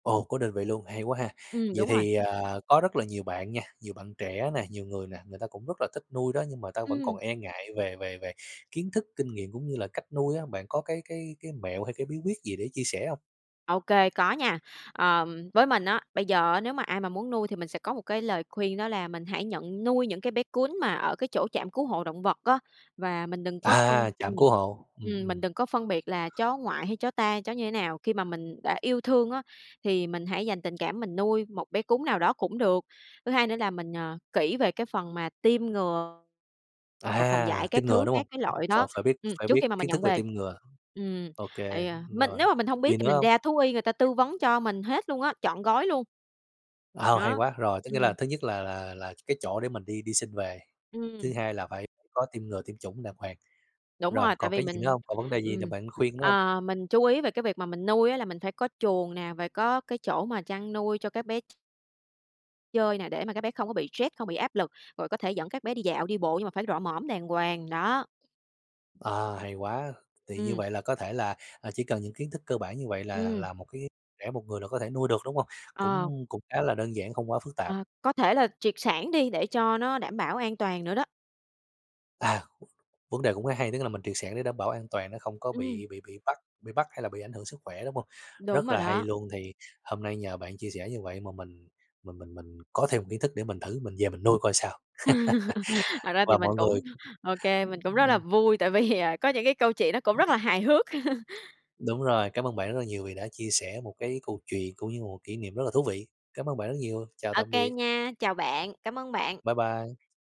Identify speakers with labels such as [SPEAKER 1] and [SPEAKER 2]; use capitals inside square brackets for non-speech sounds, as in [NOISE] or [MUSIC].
[SPEAKER 1] Ồ, có định vị luôn, hay quá ha.
[SPEAKER 2] Ừm,
[SPEAKER 1] Vậy
[SPEAKER 2] đúng rồi.
[SPEAKER 1] thì, à, có rất là nhiều bạn nha, nhiều bạn trẻ nè, nhiều người nè, người ta cũng rất là thích nuôi đó nhưng mà ta vẫn còn
[SPEAKER 2] Ừm.
[SPEAKER 1] e ngại về về về kiến thức, kinh nghiệm cũng như là cách nuôi á, bạn có cái cái cái mẹo hay cái bí quyết gì để chia sẻ hông?
[SPEAKER 2] OK, có nha. Ờm, với mình, á, bây giờ á, nếu mà ai mà muốn nuôi thì mình sẽ có một cái lời khuyên đó là mình hãy nhận nuôi những cái bé cún mà ở cái chỗ trạm cứu hộ động vật á. Và mình đừng có phân
[SPEAKER 1] À! Trạm
[SPEAKER 2] ừm,
[SPEAKER 1] cứu hộ. Ừm,
[SPEAKER 2] ừm,
[SPEAKER 1] ừm.
[SPEAKER 2] mình đừng có phân biệt là chó ngoại hay chó ta, chó như thế nào. Khi mà mình đã yêu thương á, thì mình hãy dành tình cảm mình nuôi, một bé cún nào đó cũng được. Thứ hai nữa là mình, ờ, kỹ về cái phần mà tiêm ngừa và phòng dại
[SPEAKER 1] À, tiêm
[SPEAKER 2] các
[SPEAKER 1] ngừa
[SPEAKER 2] thứ,
[SPEAKER 1] đúng
[SPEAKER 2] các
[SPEAKER 1] hông?
[SPEAKER 2] cái loại
[SPEAKER 1] Ph
[SPEAKER 2] đó,
[SPEAKER 1] phải biết
[SPEAKER 2] ừm,
[SPEAKER 1] phải
[SPEAKER 2] trước
[SPEAKER 1] biết
[SPEAKER 2] khi mà mình
[SPEAKER 1] kiến thức
[SPEAKER 2] nhận
[SPEAKER 1] về
[SPEAKER 2] về.
[SPEAKER 1] tiêm ngừa.
[SPEAKER 2] Ừm,
[SPEAKER 1] Ô
[SPEAKER 2] ây
[SPEAKER 1] kê,
[SPEAKER 2] da, mình
[SPEAKER 1] rồi,
[SPEAKER 2] nếu mà mình hông
[SPEAKER 1] gì
[SPEAKER 2] biết thì
[SPEAKER 1] nữa
[SPEAKER 2] mình
[SPEAKER 1] hông?
[SPEAKER 2] ra thú y người ta tư vấn cho mình hết luôn á, trọn gói luôn.
[SPEAKER 1] À, hay
[SPEAKER 2] Đó.
[SPEAKER 1] quá. Rồi, tức nghĩa là
[SPEAKER 2] Ừm.
[SPEAKER 1] thứ nhất là là là t cái chỗ để mình đi đi xin về, thứ
[SPEAKER 2] Ừm.
[SPEAKER 1] hai là phải có tiêm ngừa, tiêm chủng đàng hoàng.
[SPEAKER 2] Đúng
[SPEAKER 1] Rồi
[SPEAKER 2] rồi, tại
[SPEAKER 1] còn
[SPEAKER 2] vì
[SPEAKER 1] cái gì nữa
[SPEAKER 2] mình
[SPEAKER 1] hông? Còn vấn đề gì nào
[SPEAKER 2] ừm,
[SPEAKER 1] bạn khuyên nữa hông?
[SPEAKER 2] ờ, mình chú ý về cái việc mà mình nuôi á, là mình phải có chuồng nè, và có cái chỗ mà chăn nuôi cho các bé ch chơi nè, để mà các bé không có bị stress, không bị áp lực, rồi có thể dẫn các bé đi dạo, đi bộ nhưng mà phải rọ mõm đàng hoàng. Đó.
[SPEAKER 1] À, hay quá. Thì như
[SPEAKER 2] Ừm.
[SPEAKER 1] vậy là, có thể là, à, chỉ cần những kiến thức cơ bản như vậy là
[SPEAKER 2] Ừm.
[SPEAKER 1] là, một cái trẻ một người là có thể nuôi được, đúng hông?
[SPEAKER 2] Ờ.
[SPEAKER 1] Cũng cũng khá là đơn giản, không quá phức tạp.
[SPEAKER 2] Ờ, có thể là triệt sản đi, để cho nó đảm bảo an toàn nữa đó.
[SPEAKER 1] À, vấn đề cũng rất hay. Tức là, mình triệt sản để đảm bảo an toàn nó không có
[SPEAKER 2] Ừm.
[SPEAKER 1] bị bị bị bắt bị bắt hay là bị ảnh hưởng sức khỏe, đúng hông?
[SPEAKER 2] Đúng
[SPEAKER 1] Rất
[SPEAKER 2] rồi
[SPEAKER 1] là hay
[SPEAKER 2] đó.
[SPEAKER 1] luôn, thì hôm nay nhờ bạn chia sẻ như vậy mà mình mình mình mình có thêm một kiến thức để mình thử, mình về mình nuôi coi sao.
[SPEAKER 2] [LAUGHS] Thật
[SPEAKER 1] [LAUGHS]
[SPEAKER 2] ra thì
[SPEAKER 1] Và
[SPEAKER 2] mình
[SPEAKER 1] mọi
[SPEAKER 2] cũng
[SPEAKER 1] người
[SPEAKER 2] OK, mình cũng rất là
[SPEAKER 1] ừm.
[SPEAKER 2] vui, tại vì, à, có những cái câu chuyện nó cũng rất là hài hước. [CHUCKLES]
[SPEAKER 1] Đúng rồi, cám ơn bạn rất là nhiều vì đã chia sẻ một cái câu chuyện, cũng như là một kỷ niệm rất là thú vị. Cám ơn bạn rất nhiều, chào
[SPEAKER 2] OK
[SPEAKER 1] tạm biệt.
[SPEAKER 2] nha. Chào bạn, cảm ơn bạn.
[SPEAKER 1] Bye bye.